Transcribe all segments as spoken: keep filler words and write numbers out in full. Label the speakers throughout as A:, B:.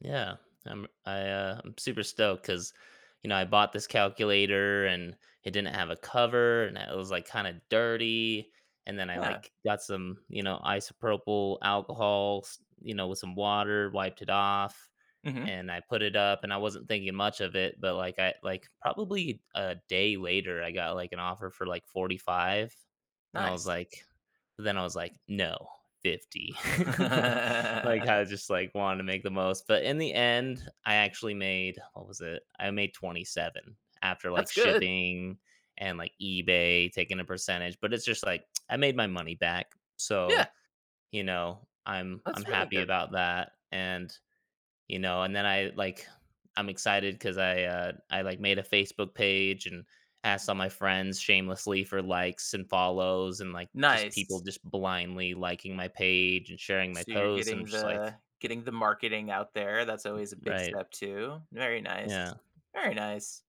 A: Yeah, I'm I, uh, I'm super stoked 'cause you know I bought this calculator, and it didn't have a cover, and it was, like, kinda dirty, and then I,
B: Yeah.
A: like, got some, you know, isopropyl alcohols, you know, with some water, wiped it off,
B: Mhm.
A: and I put it up, and I wasn't thinking much of it, but, like, I like, probably a day later, I got, like, an offer for like forty five, and I was
B: Nice.
A: like then I was, like, "No, fifty." Like, I just, like, wanted to make the most. But in the end, I actually made what was it? I made twenty-seven after, like,
B: That's good.
A: shipping and, like, eBay taking a percentage, but it's just, like, "I made my money back."
B: Yeah!
A: So, you know, I'm I'm
B: That's really
A: happy
B: good.
A: about that, and you know, and then I, like I'm excited 'cause I, uh, I, like, made a Facebook page, and asked all my friends shamelessly for likes and follows, and, like, just people
B: Nice.
A: just blindly liking my page and sharing my
B: So, you're
A: post, and I'm
B: getting
A: just like
B: the getting the marketing out there. That's always a big
A: Right.
B: step too. Very
A: Yeah.
B: nice, very nice.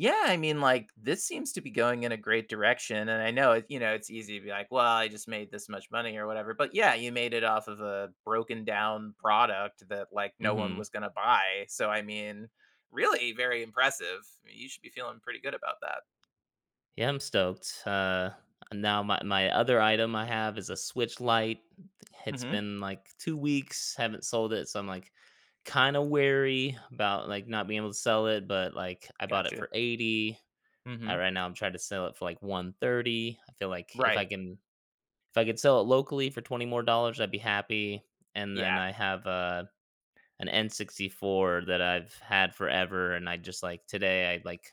B: Yeah. I mean, like, this seems to be going in a great direction, and I know if you know, it's easy to be, like, "Well, I just made this much money or whatever." But, yeah, you made it off of a broken down product that, like, no one
A: Mhm.
B: was gonna buy. So, I mean, really very impressive. You should be feeling pretty good about that.
A: Yeah, I'm stoked. Uh. Now my my other item I have is a Switch Lite. It's
B: Mhm.
A: been, like, two weeks. Haven't sold it. So, I'm, like, kinda wary about, like, not being able to sell it, but, like, I bought it
B: Gotcha.
A: for eighty, and
B: Mhm.
A: right now, I'm trying to sell it for, like, one thirty. I feel, like, if I
B: Right.
A: can if I could sell it locally for twenty more dollars, I'd be happy. And then
B: Yeah.
A: I have a an N64 that I've had forever, and I just, like today, I'd, like,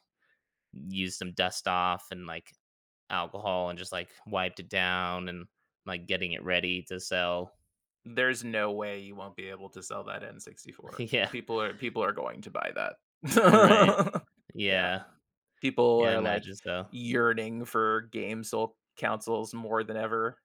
A: used some Dust-Off and, like, alcohol, and just, like, wiped it down and, like, getting it ready to sell.
B: There's no way you won't be able to sell that N64.
A: Yeah.
B: People are people are going to buy
A: Right.
B: that. Yeah.
A: Yeah.
B: People
A: Yeah, I
B: are, like,
A: imagine so.
B: yearning for games so counsoles more than ever.